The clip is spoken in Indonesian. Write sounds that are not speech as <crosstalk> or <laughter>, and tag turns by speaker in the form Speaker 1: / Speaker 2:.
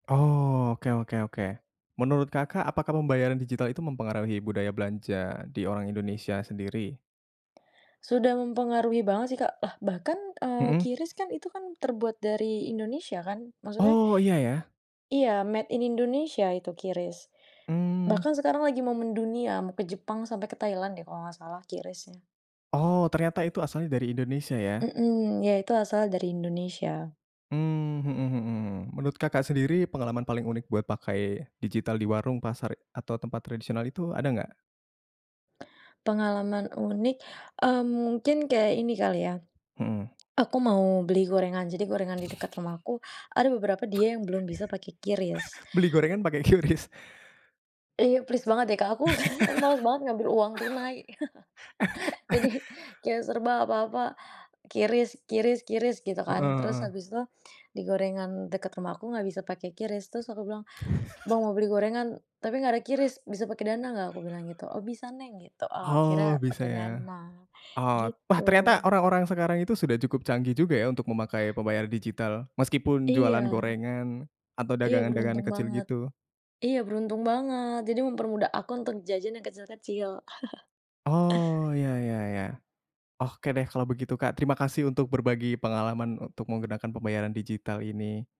Speaker 1: Oh, oke oke oke. Menurut Kakak apakah pembayaran digital itu mempengaruhi budaya belanja di orang Indonesia sendiri?
Speaker 2: Sudah mempengaruhi banget, sih, Kak. Lah, bahkan, eee,
Speaker 1: Mhm.
Speaker 2: QRIS, kan, itu, kan terbuat dari Indonesia, kan. Maksudnya
Speaker 1: Oh, iya, ya.
Speaker 2: Iya, made in Indonesia itu QRIS.
Speaker 1: Mmm.
Speaker 2: Bahkan sekarang lagi mau mendunia. Mau ke Jepang sampai ke Thailand, deh, kalau gak salah QRIS-nya.
Speaker 1: Oh, ternyata itu asalnya dari Indonesia, ya?
Speaker 2: Mhm. Ya, itu asalnya dari Indonesia.
Speaker 1: Mmm, mhm mhm. Menurut Kakak sendiri pengalaman paling unik buat pakai digital di warung, pasar, atau tempat tradisional itu ada enggak?
Speaker 2: Pengalaman unik, mmm, mungkin kayak ini kali, ya.
Speaker 1: Mhm.
Speaker 2: Aku mau beli gorengan. Jadi gorengan di dekat
Speaker 1: <chuckles>
Speaker 2: rumahku ada beberapa dia yang belum bisa pakai QRIS
Speaker 1: <chuckles> Beli gorengan pakai QRIS?
Speaker 2: Iya, plis banget, deh, Kak. Aku, <chuckles> aku males banget ngambil uang tunai. <chuckles> Jadi,
Speaker 1: <laughs>
Speaker 2: kayak serba apa-apa QRIS QRIS QRIS gitu,
Speaker 1: Heeh
Speaker 2: kan. Terus
Speaker 1: heeh.
Speaker 2: habis itu, di gorengan deket rumah aku enggak bisa pakai QRIS terus aku bilang, "Bang,
Speaker 1: <chuckles>
Speaker 2: mau beli gorengan tapi nggak ada QRIS, bisa pakai Dana enggak?" Aku bilang gitu, "Oh bisa Neng." Gitu. Eee, akhirnya
Speaker 1: Oh, bisa,
Speaker 2: pakai
Speaker 1: ya.
Speaker 2: Dana,
Speaker 1: Ot wah, ternyata
Speaker 2: gitu.
Speaker 1: orang-orang sekarang itu sudah cukup canggih juga, ya, untuk memakai pembayaran digital meskipun
Speaker 2: Iya.
Speaker 1: jualan gorengan atau
Speaker 2: Iya
Speaker 1: dagangan-dagangan
Speaker 2: beruntung
Speaker 1: kecil,
Speaker 2: banget.
Speaker 1: gitu.
Speaker 2: Iya beruntung banget. Jadi mempermudah aku untuk jajan yang kecil-kecil. <chuckles>
Speaker 1: Oh, ya ya ya. Oke, deh kalau begitu, Kak. Terima kasih untuk berbagi pengalaman untuk menggunakan pembayaran digital ini.